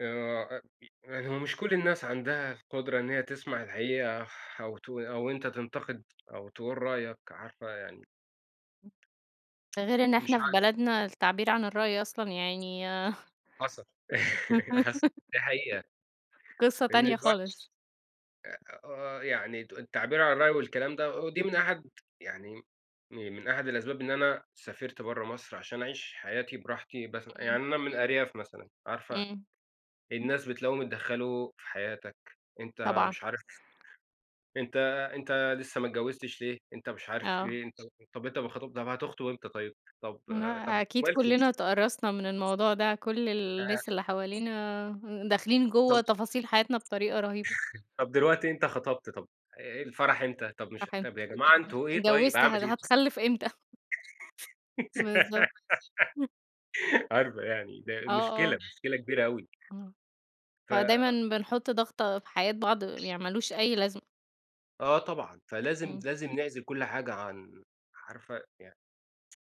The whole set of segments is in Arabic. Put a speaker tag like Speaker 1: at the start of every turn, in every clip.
Speaker 1: آآ أ ف يعني هو مش كُلّ الناس عندها القُدرة إن هي تسمَع الحقيقة أو تو أو أنت تنتقد أو تقول رأيك، عارفة يعني
Speaker 2: ده غَير إن
Speaker 1: م
Speaker 2: إحنا
Speaker 1: مش
Speaker 2: في
Speaker 1: عارف.
Speaker 2: بلدنا التعبير عن الرأي أصلًا يعني
Speaker 1: حصل، حصل، دي حقيقة.
Speaker 2: قصة
Speaker 1: لأن
Speaker 2: تانية
Speaker 1: الواحد
Speaker 2: خالص.
Speaker 1: أ آه يعني تق التعبير عن الرأي والكلام ده، و ودي من أحد يعني، من أحد الأسباب إن أنا سافَرت برّا مصر عشان أعيش حياتي براحتي بس يعني
Speaker 2: امم.
Speaker 1: أنا من الأرياف مثلًا، عارفة
Speaker 2: امم.
Speaker 1: الناس بتلاقيهم اتدخلوا في حياتك أنت
Speaker 2: طبعًا.
Speaker 1: مش عارف، أنت أنت لسه ما اتجَوَّزتش ليه؟ أنت مش عارف
Speaker 2: آه.
Speaker 1: إيه؟ أنت طَب أنت ما خطب طَب هَتخطُب إمتى طَيب؟ طَب
Speaker 2: ما
Speaker 1: آآ، طَب أنتم
Speaker 2: أكيد
Speaker 1: مالكم؟
Speaker 2: كُلّنا اتَقرَصنا من الموضوع ده، كُلّ ال
Speaker 1: أها
Speaker 2: الناس اللي حوالينا ه داخلين
Speaker 1: طَب
Speaker 2: جُوّا تفاصيل حياتنا بطريقة رهيبة.
Speaker 1: طَب دلوقتي أنت خَطَبت طَب، آآ الفرح إمتى؟ طَب مش
Speaker 2: الفرح إمتى
Speaker 1: طَب يا جَماعة
Speaker 2: [unintelligible]
Speaker 1: أنتُم إيه طَيب؟
Speaker 2: اتجَوَّزت،
Speaker 1: أعمل
Speaker 2: هت
Speaker 1: إيه؟
Speaker 2: هَتخَلَّف إمتى؟ بالضبط.
Speaker 1: عارفة يعني، ده
Speaker 2: آه،
Speaker 1: ال مشكلة،
Speaker 2: آه.
Speaker 1: مشكلة كبيرة أوي.
Speaker 2: آه،
Speaker 1: ف
Speaker 2: فدايمًا
Speaker 1: أ
Speaker 2: بنحط ضَغطة في حياة بعض، يعني ما لوش أي لازمة.
Speaker 1: آه طبعًا. فلازم
Speaker 2: امم.
Speaker 1: لازم نعزَل كُلّ حاجة عن عارفة يعني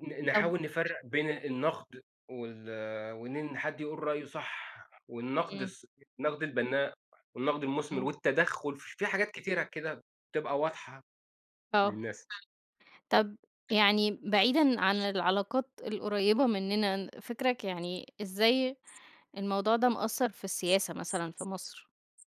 Speaker 1: ن ن
Speaker 2: طَب
Speaker 1: نحاول نفرق بين النقد وال آآ وإن حد يقول رأيُه صح، والنقد
Speaker 2: امم.
Speaker 1: الص النقد البَنّاء والنقد المُثمِر
Speaker 2: امم.
Speaker 1: والتدخل، في حاجات كتيرة كده بتبقى واضحة
Speaker 2: آه.
Speaker 1: للناس.
Speaker 2: طَب يعني بعيدًا عن العلاقات القريبة منّنا، فكرَك يعني إزاي الموضوع ده مأَثَّر في السياسة مثلًا في مصر؟